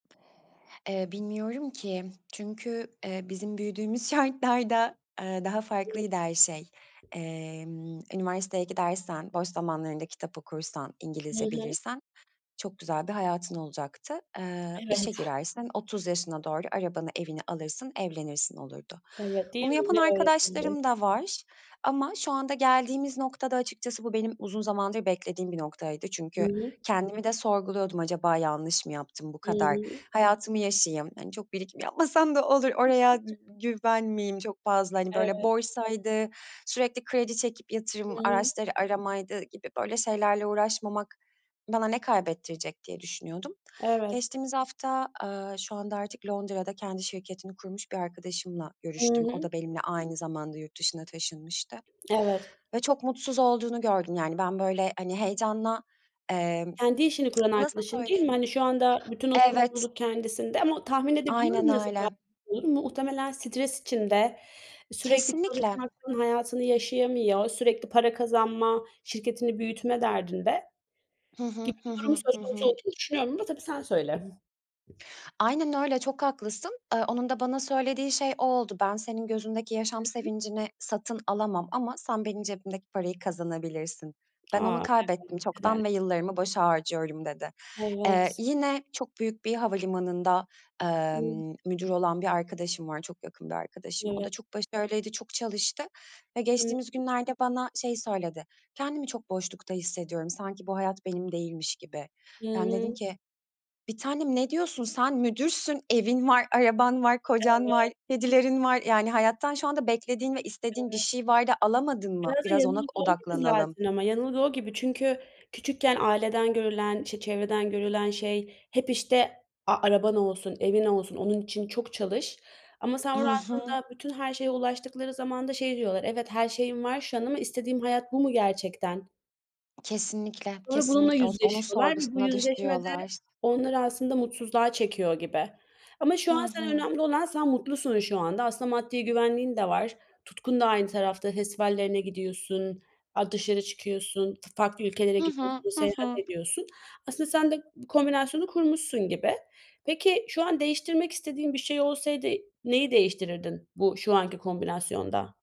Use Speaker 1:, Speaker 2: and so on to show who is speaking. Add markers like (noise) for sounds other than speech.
Speaker 1: Eee, bilmiyorum ki çünkü, eee, bizim büyüdüğümüz şartlarda, eee, daha farklıydı her şey.
Speaker 2: (unintelligible)
Speaker 1: Emm, üniversiteye gidersen, boş zamanlarında kitap okursan,
Speaker 2: Hı
Speaker 1: İngilizce
Speaker 2: hı.
Speaker 1: bilirsen çok güzel bir hayatın olacaktı. Eee, işe
Speaker 2: Evet.
Speaker 1: girersin, 30 yaşına doğru arabanı, evini alırsın, evlenirsin, olurdu.
Speaker 2: Evet. Değil
Speaker 1: Bunu
Speaker 2: mi,
Speaker 1: yapan
Speaker 2: öyle öğretildi.
Speaker 1: arkadaşlarım da var ama şu anda geldiğimiz noktada açıkçası bu benim uzun zamandır beklediğim bir noktaydı
Speaker 2: Hı
Speaker 1: çünkü
Speaker 2: hı.
Speaker 1: kendimi de sorguluyordum, acaba yanlış mı yaptım bu
Speaker 2: Hı
Speaker 1: kadar?
Speaker 2: hı.
Speaker 1: Hayatımı yaşayayım, hani, çok birikim yapmasam da olur. Oraya dü
Speaker 2: (coughs)
Speaker 1: güven miyim çok fazla, hani, böyle,
Speaker 2: Evet.
Speaker 1: borsaydı, sürekli kredi çekip
Speaker 2: Hı
Speaker 1: yatırım
Speaker 2: hı.
Speaker 1: araçları aramaydı gibi böyle şeylerle uğraşmamak bana ne kaybettirecek diye düşünüyordum.
Speaker 2: Evet.
Speaker 1: Geçtiğimiz hafta, aaa, şu anda artık Londra'da kendi şirketini kurmuş bir arkadaşımla
Speaker 2: I
Speaker 1: görüştüm, o
Speaker 2: hı.
Speaker 1: da benimle aynı zamanda yurt dışına taşınmıştı.
Speaker 2: Evet.
Speaker 1: Ve çok mutsuz olduğunu gördüm, yani, ben, böyle, hani, heyecanla, emm,
Speaker 2: Kendi işini kuran
Speaker 1: nasıl
Speaker 2: arkadaşın, değil mi?
Speaker 1: söyleyeyim?
Speaker 2: Hani, şu anda bütün o
Speaker 1: Evet.
Speaker 2: sorumluluk kendisinde ama o Tahmin
Speaker 1: Aynen
Speaker 2: edebiliyorum nasıl. (unintelligible)
Speaker 1: öyle.
Speaker 2: Muhtemelen stres içinde, e, sürekli
Speaker 1: Kesinlikle.
Speaker 2: çalışmaktan hayatını yaşayamıyor, sürekli para kazanma, şirketini büyütme derdinde.
Speaker 1: Hı hı,
Speaker 2: Gibi
Speaker 1: hı
Speaker 2: bir durum
Speaker 1: hı, hı
Speaker 2: söz konusu
Speaker 1: hı.
Speaker 2: olduğunu düşünüyorum ama tabii sen söyle.
Speaker 1: Aynen öyle, çok haklısın. Eee, onun da bana söylediği şey o oldu. "Ben senin gözündeki yaşam
Speaker 2: Hı hı.
Speaker 1: sevincini satın alamam ama sen benim cebimdeki parayı kazanabilirsin. Ben
Speaker 2: A!
Speaker 1: onu
Speaker 2: Evet.
Speaker 1: kaybettim
Speaker 2: Ne kadar
Speaker 1: çoktan ve yıllarımı boşa harcıyorum." dedi. Eee,
Speaker 2: Evet.
Speaker 1: yine çok büyük bir havalimanında,
Speaker 2: (unintelligible)
Speaker 1: emm, müdür olan bir arkadaşım var, çok yakın bir arkadaşım. O da
Speaker 2: Evet.
Speaker 1: çok başarılıydı, çok çalıştı ve
Speaker 2: Hı
Speaker 1: geçtiğimiz
Speaker 2: hı.
Speaker 1: günlerde bana şeyi söyledi, "Kendimi çok boşlukta hissediyorum, sanki bu hayat benim değilmiş gibi."
Speaker 2: Hı
Speaker 1: Yani, dedim
Speaker 2: hı.
Speaker 1: ki, "Bir tanem ne diyorsun? Sen müdürsün, evin var, araban var, kocan var,
Speaker 2: Evet.
Speaker 1: kedilerin var. Yani, hayattan şu anda beklediğin ve istediğin bir
Speaker 2: Evet.
Speaker 1: şey var da alamadın mı?
Speaker 2: Biraz da
Speaker 1: Biraz ona
Speaker 2: yanılgı o gibi
Speaker 1: odaklanalım."
Speaker 2: zaten ama yanılgı o gibi çünkü küçükken aileden görülen, işte, çevreden görülen şey hep, işte, "A, araban olsun, evin olsun. Onun için çok çalış." ama sen
Speaker 1: I
Speaker 2: burada
Speaker 1: hı.
Speaker 2: aslında bütün her şeye ulaştıkları zaman da şey diyorlar, "Evet, her şeyim var şu an ama istediğim hayat bu mu gerçekten?"
Speaker 1: Kesinlikle,
Speaker 2: Sonra bununla
Speaker 1: kesinlikle os onun
Speaker 2: yüzleşiyorlar ve bu
Speaker 1: sorgusuna
Speaker 2: yüzleşme de
Speaker 1: düşüyorlar.
Speaker 2: onları aslında mutsuzluğa çekiyor gibi. Ama şu
Speaker 1: Hı
Speaker 2: an sen
Speaker 1: hı.
Speaker 2: önemli olan sen mutlusun şu anda. Aslında maddi güvenliğin de var. Tutkun da aynı tarafta. Festivallerine gidiyorsun, a dışarı çıkıyorsun, f farklı ülkelere
Speaker 1: Hı hı,
Speaker 2: gidiyorsun,
Speaker 1: hı
Speaker 2: seyahat
Speaker 1: hı.
Speaker 2: ediyorsun. Aslında sen de bu kombinasyonu kurmuşsun gibi. Peki, şu an değiştirmek istediğin bir şey olsaydı, neyi değiştirirdin bu şu anki kombinasyonda?